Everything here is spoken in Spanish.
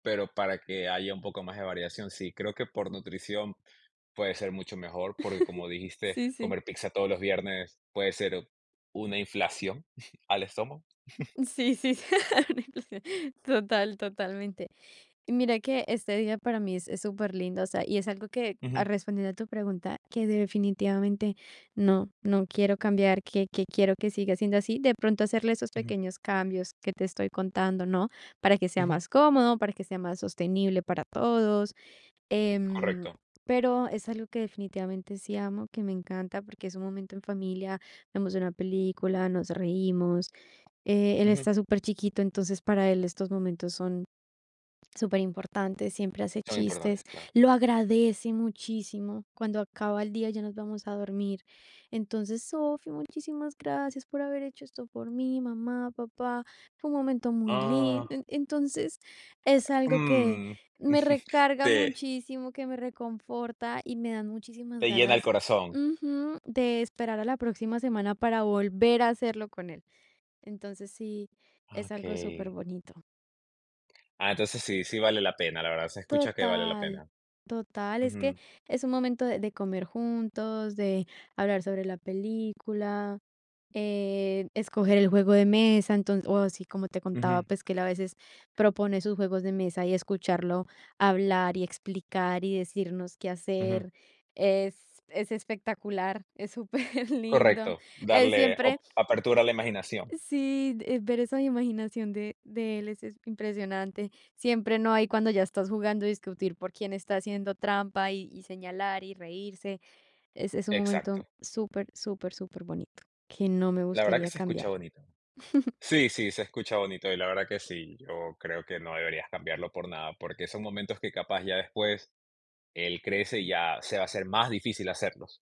Pero para que haya un poco más de variación, sí. Creo que por nutrición puede ser mucho mejor, porque como dijiste, Sí, sí. comer pizza todos los viernes puede ser o una inflación al estómago. Sí, sí, una inflación. Total, totalmente. Mira que este día para mí es es superlindo, o sea, y es algo que, a Ujú. respondiendo a tu pregunta, que definitivamente no no quiero cambiar, que que quiero que siga siendo así. De pronto, hacerle esos Ujú. pequeños cambios que te estoy contando, ¿no?, para que sea Ujú. más cómodo, para que sea más sostenible para todos, em, Correcto. pero, es algo que, definitivamente, sí amo, que me encanta, porque es un momento en familia, vemos una película, nos reímos, eh, él, Ujú. está superchiquito, entonces para él estos momentos son superimportantes. Siempre hace Son chistes, importantes, claro. lo agradece muchísimo cuando acaba el día y ya nos vamos a dormir. Entonces, "Sofi, muchísimas gracias por haber hecho esto por mí, mamá, papá. Fue un momento muy lindo". Ah. En entonces es algo que Mm. me recarga Te muchísimo, que me reconforta y me dan muchísimas te llena el ganas corazón. ujú, de esperar a la próxima semana para volver a hacerlo con él. Entonces, sí, es algo Okey. superbonito. Ah, entonces sí, sí vale la pena, la verdad, se escucha que vale la Total. pena. Total, es que Ujú. es un momento de de comer juntos, de hablar sobre la película, eh, escoger el juego de mesa. Enton o así, como te contaba, Ujú. pues, que él, a veces, propone sus juegos de mesa, y escucharlo hablar y explicar, y decirnos qué Ujú. hacer, es es espectacular, es superlindo. Correcto, Él darle siempre op apertura a la imaginación. Sí, eh, ver esa imaginación de de él es es impresionante. Siempre no hay cuando ya estás jugando, discutir por quién está haciendo trampa y y señalar, y reírse. Es es un momento Exacto. súper, súper, superbonito que no me La verdad que gustaría se escucha cambiar. bonito. Sí, sí, se escucha bonito, y la verdad que sí, yo creo que no deberías cambiarlo por nada, porque son momentos que capaz ya después él crece, y ya se va a hacer más difícil hacerlos.